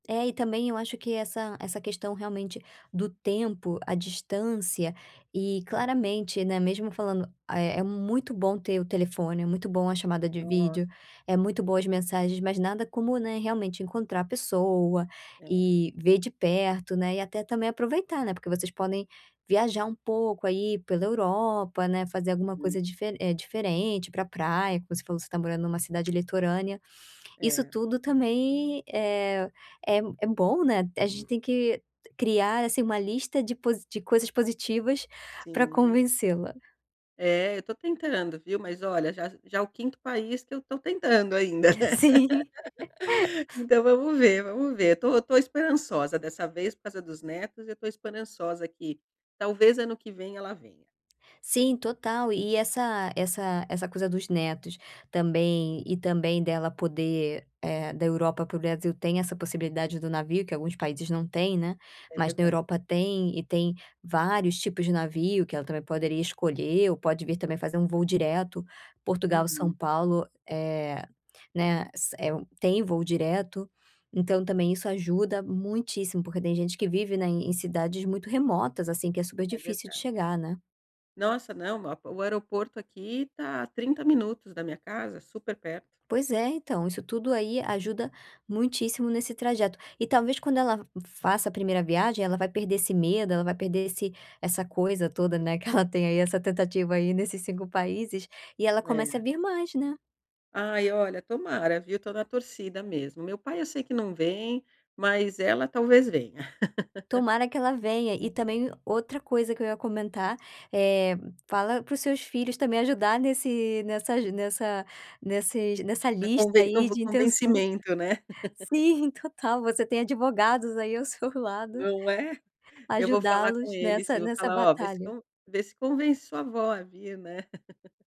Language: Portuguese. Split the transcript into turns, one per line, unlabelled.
É, e também eu acho que essa essa questão, realmente, do tempo, a distância e claramente, né, mesmo falando, eh, é muito bom ter o telefone, é muito bom a chamada de
Nossa!
vídeo, é muito boa as mensagens, mas nada como, né, realmente encontrar a pessoa
É.
e ver de perto, né, e até também aproveitar, né. Porque vocês podem viajar um pouco aí pela Europa, né, fazer alguma
Uhum.
coisa dife eh, diferente, ir pra praia, como você falou, você tá morando numa cidade litorânea, isso
É.
tudo também, eh, é é bom, né, a gente tem que criar, assim, uma lista de posi de coisas positivas pra
Sim.
convencê-la.
É, eu tô tentando, viu, mas olha, já já é o 5º país que eu tô tentando ainda, né.
Sim.
Então vamos ver, vamos ver, eu tô eu tô esperançosa dessa vez por causa dos netos, eu tô esperançosa que talvez ano que vem ela venha.
Sim, total. E essa essa essa coisa dos netos também, e também dela poder eh, da Europa para o Brasil tem essa possibilidade do navio que alguns países não têm, né,
É
mas na
verda
Europa tem e tem vários tipos de navio que ela também poderia escolher ou pode vir também fazer um voo direto, Portugal São
Uhum.
Paulo, eh, né, s é um tem voo direto, então também isso ajuda muitíssimo, porque tem gente que vive, né, em cidades muito remotas, assim, que é super
É
difícil de
verdade.
chegar, né.
Nossa, não ma o aeroporto aqui tá a 30 minutos da minha casa, super perto.
Pois é. Então, isso tudo aí ajuda muitíssimo nesse trajeto e talvez quando ela faça a primeira viagem ela vai perder esse medo, vai perder esse essa coisa toda, né, que ela tem aí essa tentativa aí nesses 5 países e ela começa a
É.
vir mais, né.
Ai, olha, tomara viu, tô na torcida mesmo. Meu pai eu sei que não vem, mas ela talvez venha.
Tomara que ela venha. E também o outra coisa que eu ia comentar, eh, fala para os seus filhos também ajudar nesse nessa aju nessa nesses nessa
É
lista
conve eu
aí
vou
de intenções.
convencimento, né.
Sim, total, você tem advogados aí ao seu lado
Não é? Eu vou falar com
ajudá-los
ele,
nessa
sim, vou
nessa
falar: "Olha, vê se
batalha.
con vê se convence sua vó a vir", né.